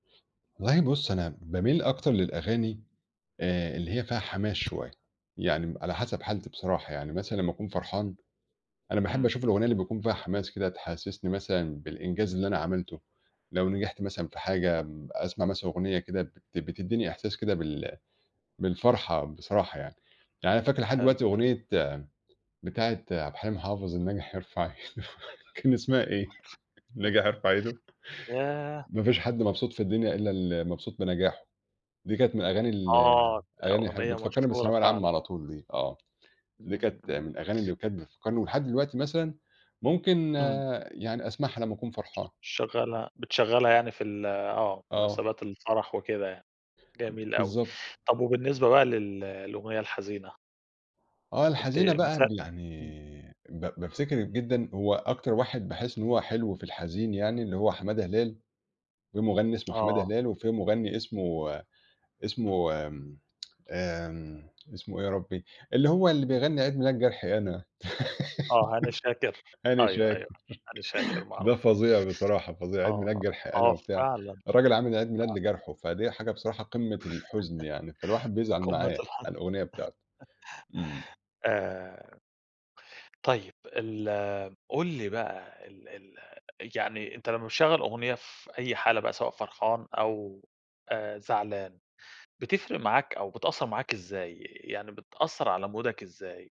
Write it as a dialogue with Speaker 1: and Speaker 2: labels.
Speaker 1: والله بُص أنا باميل أكتر للأغاني آآ اللي هي فيها حماس شوية. يعني م على حسب حالتي بصراحة، يعني مثلًا لمّا أكون فرحان، أنا باحب
Speaker 2: إمم.
Speaker 1: أشوف الأغنية اللي بيكون فيها حماس كده تحسّسني مثلًا بالإنجاز اللي أنا عملته، لو نجحت مثلًا في حاجة م أسمع مثلًا أغنية كده بت بتدّيني إحساس كده بال بالفرحة بصراحة يعني. يعني أنا فاكر لحد
Speaker 2: حلو.
Speaker 1: دلوقتي أغنية بتاعة عبد الحليم حافظ الناجح يرفع إيدة، كان اسمها إيه؟ الناجح يرفع إيده.
Speaker 2: ياه!
Speaker 1: ما فيش حد مبسوط في الدنيا إلّا المبسوط بنجاحه. دي كانت من الأغاني ال
Speaker 2: آه.
Speaker 1: أغاني حل
Speaker 2: أغنية
Speaker 1: بتفكّرني
Speaker 2: مشهورة
Speaker 1: بالثانوية العامة
Speaker 2: فعلًا.
Speaker 1: على طول دي آه. دي
Speaker 2: إمم،
Speaker 1: كانت من
Speaker 2: إمم.
Speaker 1: الأغاني اللي كانت بتفكّرني ولحد دلوقتي مثلًا ممكن
Speaker 2: إمم.
Speaker 1: يعني أسمعها لمّا أكون
Speaker 2: ش
Speaker 1: فرحان.
Speaker 2: شغّلها بتشغّلها يعني في ال آه.
Speaker 1: آه.
Speaker 2: مناسبات الفرح وكده يعني، جميل أوي.
Speaker 1: بالضبط.
Speaker 2: طب وبالنسبة بقى لل للأغنية الحزينة؟
Speaker 1: آه.
Speaker 2: أنت
Speaker 1: الحزينة
Speaker 2: من س
Speaker 1: بقى بل
Speaker 2: إمم.
Speaker 1: يعني ب بافتكر جدًا هو أكتر واحد باحس إن هو حلو في الحزين يعني اللي هو حمادة هلال، في مُغنّي اسمه حمادة
Speaker 2: آه.
Speaker 1: هلال وفي مُغنّي اسمه اسمه آمم اسمه إيه يا ربّي؟ اللي هو اللي بيغنّي عيد ميلاد جرحي أنا،
Speaker 2: آه، هاني شاكر.
Speaker 1: هاني
Speaker 2: أيوه،
Speaker 1: شاكر.
Speaker 2: أيوه. هاني شاكر معروف.
Speaker 1: ده فظيع بصراحة، فظيع عيد ميلاد
Speaker 2: آه.
Speaker 1: جرحي أنا
Speaker 2: آه
Speaker 1: وبتاع،
Speaker 2: فعلًا.
Speaker 1: الراجل عامِل عيد ميلاد
Speaker 2: آه.
Speaker 1: لجرْحه، فدي حاجة بصراحة قمّة الحُزن يعني، فالواحد بيزعل
Speaker 2: قمّة
Speaker 1: معاه
Speaker 2: الحُز
Speaker 1: على الأغنية بتاعته. إمم.
Speaker 2: آآ طيب، ال قُل لي بقى ال ال يعني أنت لمّا بتشغّل أغنية في أي حالة بقى سواء فرحان أو آآ زعلان، بتفرِق معاك أو بتأثّر معاك إزاي؟ يعني بتأثّر على مودك إزاي؟